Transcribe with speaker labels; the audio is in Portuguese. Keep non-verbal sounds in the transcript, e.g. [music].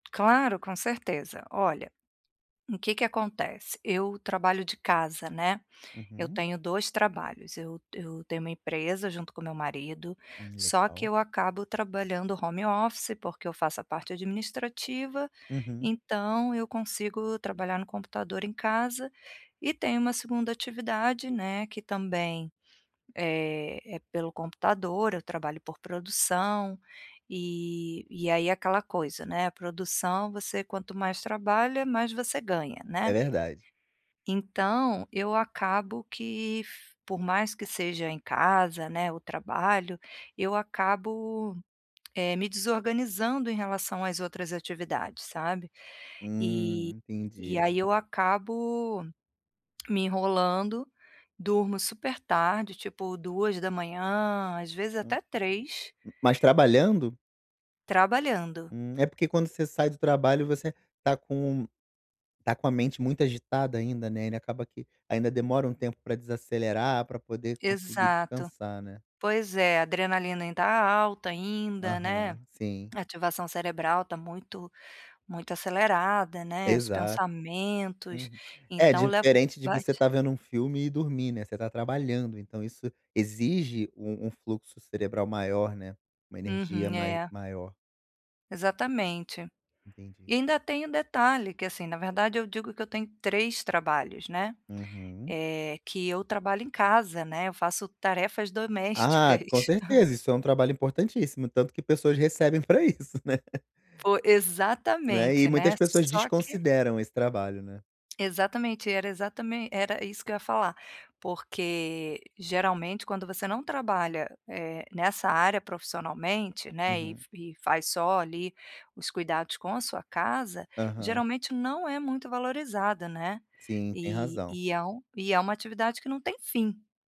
Speaker 1: Claro, com certeza. Olha, o que que acontece, eu trabalho de casa, né. Eu
Speaker 2: Uhum.
Speaker 1: tenho dois trabalhos, eu eu tenho uma empresa junto com o meu marido,
Speaker 2: Hum,
Speaker 1: só que
Speaker 2: legal.
Speaker 1: eu acabo trabalhando home office, porque eu faço a parte administrativa,
Speaker 2: Uhum.
Speaker 1: então eu consigo trabalhar no computador em casa, e tenho uma segunda atividade, né, que também, eh, é pelo computador. Eu trabalho por produção, e e aí é aquela coisa, né. Produção você, quanto mais trabalha, mais você ganha,
Speaker 2: É
Speaker 1: né.
Speaker 2: verdade.
Speaker 1: Então eu acabo que, f por mais que seja em casa, né, o trabalho, eu acabo, eh, me desorganizando em relação às outras atividades, sabe, e
Speaker 2: Hum,
Speaker 1: e
Speaker 2: entendi.
Speaker 1: aí eu acabo me enrolando, durmo super tarde, tipo 2:00, às vezes
Speaker 2: Hã,
Speaker 1: até 3:00.
Speaker 2: mas trabalhando?
Speaker 1: Trabalhando.
Speaker 2: Hum, é porque quando você sai do trabalho, você tá com tá com a mente muito agitada ainda, né. Ele acaba que ainda demora um tempo pra desacelerar, pra poder conseguir
Speaker 1: Exato,
Speaker 2: descansar, né.
Speaker 1: pois é, adrenalina ainda alta, ainda, né,
Speaker 2: Aham, sim.
Speaker 1: ativação cerebral tá muito muito acelerada, né, os
Speaker 2: Exato,
Speaker 1: pensamentos,
Speaker 2: uhum, é
Speaker 1: então levo
Speaker 2: diferente de você
Speaker 1: bate
Speaker 2: tá vendo um filme e dormir, né. Você tá trabalhando, então isso exige um um fluxo cerebral maior, né, uma energia
Speaker 1: Uhum,
Speaker 2: mai
Speaker 1: é.
Speaker 2: maior.
Speaker 1: Exatamente,
Speaker 2: Entendi.
Speaker 1: e ainda tem um detalhe, que, assim na verdade, eu digo que eu tenho 3 trabalhos, né,
Speaker 2: Uhum.
Speaker 1: eh, que eu trabalho em casa, né, eu faço tarefas
Speaker 2: Ah,
Speaker 1: domésticas.
Speaker 2: com certeza,
Speaker 1: [chuckles]
Speaker 2: isso é um trabalho importantíssimo, tanto que pessoas recebem pra isso, [laughs] né.
Speaker 1: Fo
Speaker 2: Né, e
Speaker 1: exatamente, né,
Speaker 2: muitas pessoas
Speaker 1: só que
Speaker 2: desconsideram esse trabalho, né.
Speaker 1: Exatamente, era exatamen era isso que eu ia falar, porque geralmente quando você não trabalha, eh, nessa área profissionalmente, né, e
Speaker 2: Uhum.
Speaker 1: e faz só ali os cuidados com a sua casa,
Speaker 2: Aham.
Speaker 1: geralmente não é muito valorizada, né,
Speaker 2: Sim, tem
Speaker 1: e
Speaker 2: razão.
Speaker 1: e é um e é uma atividade que não tem fim.